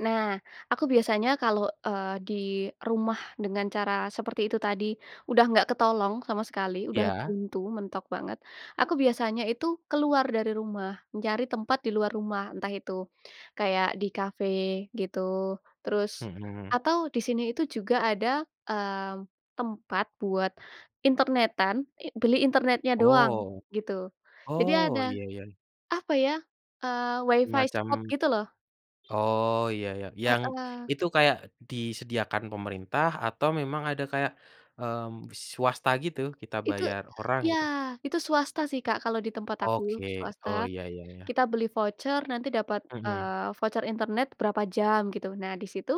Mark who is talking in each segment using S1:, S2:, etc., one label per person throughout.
S1: Nah, aku biasanya kalau, eee, di rumah dengan cara seperti itu tadi, udah nggak ketolong sama sekali, udah
S2: Ya?
S1: buntu, mentok banget, aku biasanya itu keluar dari rumah. Mencari tempat di luar rumah, entah itu, kayak di kafe, gitu, terus
S2: Mhm.
S1: atau, di sini itu juga ada, eee, tempat buat internetan i beli internetnya doang,
S2: Oh,
S1: gitu. Jadi ada,
S2: oh, iya iya.
S1: apa ya, eee, wifi
S2: Semacam
S1: spot gitu loh.
S2: oh, iya iya, yang
S1: Heeh.
S2: itu kayak disediakan pemerintah atau memang ada kayak, mmm, swasta gitu, kita
S1: Itu
S2: bayar orang,
S1: ya,
S2: gitu?
S1: itu swasta sih Kak, kalau di tempat aku,
S2: Oke.
S1: swasta.
S2: Oh, ya ya ya.
S1: Kita beli voucer, nanti dapat,
S2: Mhm.
S1: eee, voucer internet berapa jam, gitu. Nah, di situ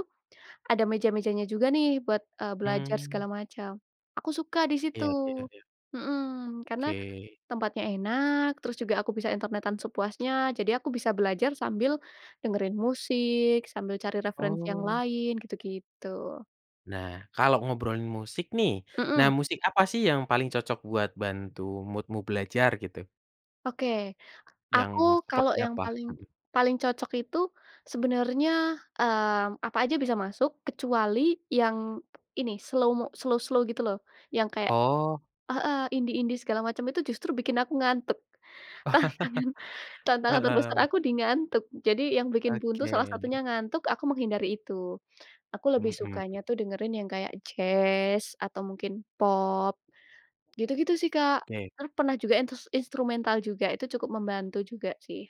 S1: ada meja-mejanya juga nih, buat, eee, belajar
S2: Mmm.
S1: segala macam. Aku suka di situ.
S2: Iya iya iya.
S1: Mhm, karena,
S2: Ke.
S1: tempatnya enak, terus juga aku bisa internetan sepuasnya, jadi aku bisa belajar sambil dengerin musik, sambil cari referensi yang
S2: Oh.
S1: lain, gitu-gitu.
S2: Nah, kalau ngobrolin musik nih, nah,
S1: Mhm.
S2: musik apa sih yang paling cocok buat bantu mood-mu belajar, gitu?
S1: Oke,
S2: Yang,
S1: aku kalau
S2: seperti
S1: yang
S2: apa?
S1: paling
S2: Mhm.
S1: paling cocok itu, sebenarnya, eee, apa aja bisa masuk, kecuali yang ini, slow-mo slow slow, gitu loh, yang kayak
S2: Oh.
S1: heeh, indie indie segala macam, itu justru bikin aku ngantuk. Tantangan tantangan terbesar
S2: Heeh.
S1: aku di ngantuk. Jadi, yang bikin buntu salah
S2: Oke.
S1: satunya ngantuk, aku menghindari itu. Aku lebih
S2: Mhm.
S1: sukanya tuh dengerin yang kayak jazz, atau mungkin pop, gitu-gitu, sih, Kak.
S2: Oke.
S1: Per pernah juga yang intes instrumental juga, itu cukup membantu juga, sih.